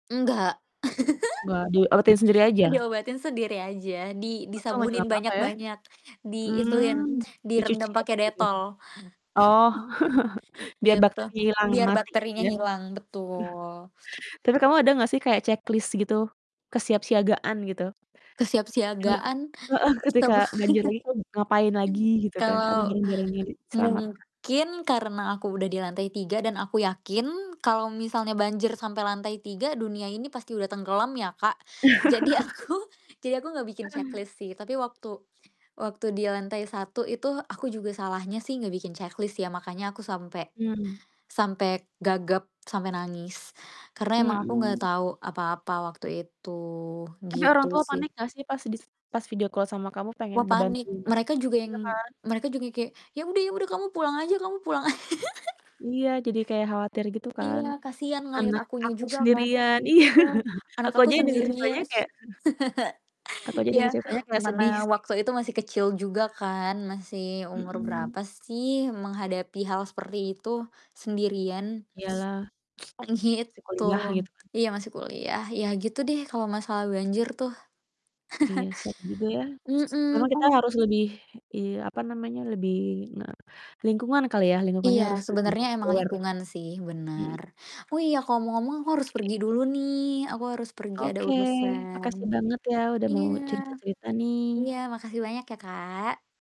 Enggak. Enggak diurutin sendiri aja? Diobatin sendiri aja, di Untung aja disabunin nggak papa ya? banyak-banyak, diituin, Mmm, dicuci direndam pake aja gitu ya? Detol, Oh, biar gitu. bakterinya hilang, Biar mati gitu bakterinya ya. hilang, betul. Tapi kamu ada gak sih kayak, checklist gitu, kesiapsiagaan gitu? Tadi kan Kesiapsiagaan? heeh, ketika Tabeh banjir lagi kamu ngapain lagi gitu kan atau Kalau barang-barangnya diselamatkan. mungkin karena aku udah di lantai 3 dan aku yakin kalau misalnya banjir sampai lantai 3 dunia ini pasti udah tenggelam ya, Kak. Jadi, aku jadi aku gak bikin checklist sih, tapi waktu waktu di lantai 1 itu, aku juga salahnya sih ngebikin checklist ya, makanya aku sampe Mmm. sampe gagap, sampe nangis, karena emang aku gak Mhm. tahu apa-apa waktu itu, Tapi orang gitu tua sih. panik gak sih pas dis pas video call sama kamu pengen Wah, ngebantu panik, mereka juga yang iya kan? mereka juga yang kayak, "Ya udah ya udah, kamu pulang aja, kamu pulang." Iya, jadi kayak khawatir gitu kan. Iya, kasihan ngeliat "Anak akunya aku juga kan, sendirian," iya, iya. "Anak aku aku aja yang denger ceritanya sendirian." kayak aku aja dengar Iya, ceritanya kayak sedih mana sih. waktu itu masih kecil juga kan, masih umur Mhm. berapa sih, menghadapi hal seperti itu sendirian Iya lah. terus Masih gitu. kuliah, gitu kan. Iya, masih kuliah, yah gitu deh kalo masalah banjir tuh. Iya, serem juga ya, memang Mhm, kita mmm. harus lebih iya, apa namanya, lebih nge lingkungan kali ya, lingkungannya Iya, harus lebih sebenernya emang aware. lingkungan sih, Mhm. bener. Oh, iya, kok ngomong-ngomong aku harus pergi dulu nih, aku harus pergi, ada Oke, urusan. makasih banget ya udah Iya. mau cerita-cerita nih. Iya, makasih banyak ya, Kak.